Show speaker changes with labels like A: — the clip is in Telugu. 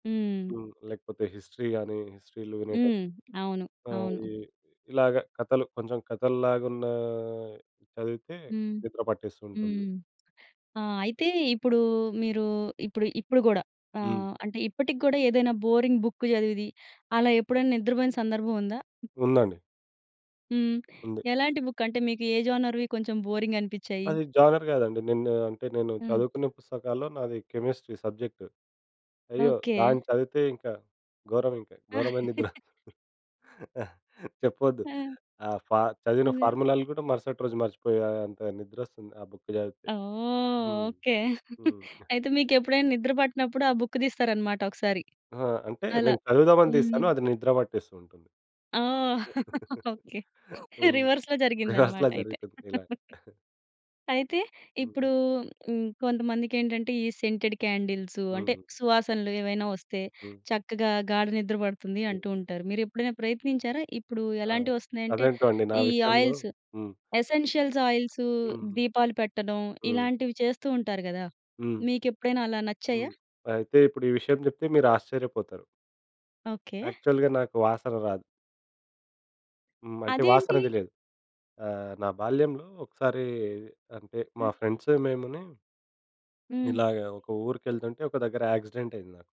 A: హ్మ్.
B: హ్మ్. లేకపోతే హిస్టరీ గాని, హిస్టరీలు వినేటప్పుడు.
A: హ్మ్. అవును,
B: ఆహ్, ఈ
A: అవును.
B: ఇలాగ కథలు కొంచెం కథల్లాగున్న చదివితే
A: హ్మ్.
B: నిద్ర పట్టేస్తు ఉంటుంది.
A: హ్మ్. ఆ! అయితే ఇప్పుడు మీరు ఇప్పుడు ఇప్పుడు కూడా
B: హ్మ్.
A: ఆహ్, అంటే ఇప్పటికి కూడా ఏదైనా బోరింగ్ బుక్ చదివిది అలా ఎప్పుడైనా నిద్రపోయిన సందర్భముందా?
B: ఉందండి.
A: హ్మ్.
B: ఉంది.
A: ఎలాంటి బుక్? అంటే మీకు ఏ జోనర్‌వి కొంచెం బోరింగనిపించాయి?
B: అది జోగర్ కాదండి. నేను అంటే నేను
A: హ్మ్.
B: చదువుకునే పుస్తకాల్లో నాది కెమిస్ట్రీ సబ్జెక్ట్. అయ్యో!
A: ఓకే.
B: దాన్ని చదివితే ఇంకా గోరమింక గోరమైన నిద్ర. చెప్పొద్దు.
A: ఆ!
B: ఆ! ఫా చదివిన
A: అదే.
B: ఫార్ములాలు గూడ మరుసటి రోజు మర్చిపోయే అంత నిద్రొస్తుంది ఆ బుక్ చదివితే.
A: ఓహ్!
B: హ్మ్.
A: ఓకే.
B: హ్మ్.
A: అయితే మీకెప్పుడైనా నిద్ర పట్టనప్పుడు ఆ బుక్ తీస్తారనమాట ఒకసారి,
B: ఆ! అంటే
A: అలా.
B: నేను చదువుదామని
A: హ్మ్.
B: తీస్తాను. అది నిద్ర పట్టేస్తూ ఉంటుంది.
A: ఓహ్! ఓకే.
B: హ్మ్.
A: రివర్స్‌లో జరిగిందన్నమాట
B: రిహార్స్‌లా
A: అయితే.
B: జరుగుతుందిలాగ.
A: అయితే
B: హ్మ్.
A: ఇప్పుడు హ్మ్, కొంతమందికెంటంటే ఈ సెంటెడ్ క్యాండిల్స్ అంటే
B: హ్మ్.
A: సువాసనలు ఏవైనా వస్తే,
B: హ్మ్.
A: చక్కగా గాఢ నిద్ర పడుతుంది
B: హ్మ్.
A: అంటూ ఉంటారు. మీరు ఎప్పుడైనా ప్రయత్నించారా? ఇప్పుడు
B: ఆ!
A: ఎలాంటివొస్తున్నాయంటే
B: అదేంటో అండి నా
A: ఈ
B: విషయంలో
A: ఆయిల్స్.
B: హ్మ్.
A: ఎసెన్షియల్స్ ఆయిల్సు
B: హ్మ్.
A: దీపాలు పెట్టడం
B: హ్మ్.
A: ఇలాంటివి చేస్తూ ఉంటారు గదా!
B: హ్మ్.
A: మీకెప్పుడైనా అలా నచ్చాయా?
B: హ్మ్. అయితే ఇప్పుడు ఈ విషయం చెప్తే మీరు ఆశ్చర్యపోతారు.
A: ఓకే.
B: యాక్చువల్‌గా నాకు వాసన రాదు. హ్మ్. అంటే వాసన
A: అదేంటి?
B: తెలీదు. ఆహ్, నా బాల్యంలో ఒకసారి అంటే మా
A: హ్మ్.
B: ఫ్రెండ్స్ మేముని
A: హ్మ్.
B: ఇలాగ ఒక ఊరికెళ్తుంటే ఒక దగ్గర యాక్సిడెంట్ అయింది నాకు.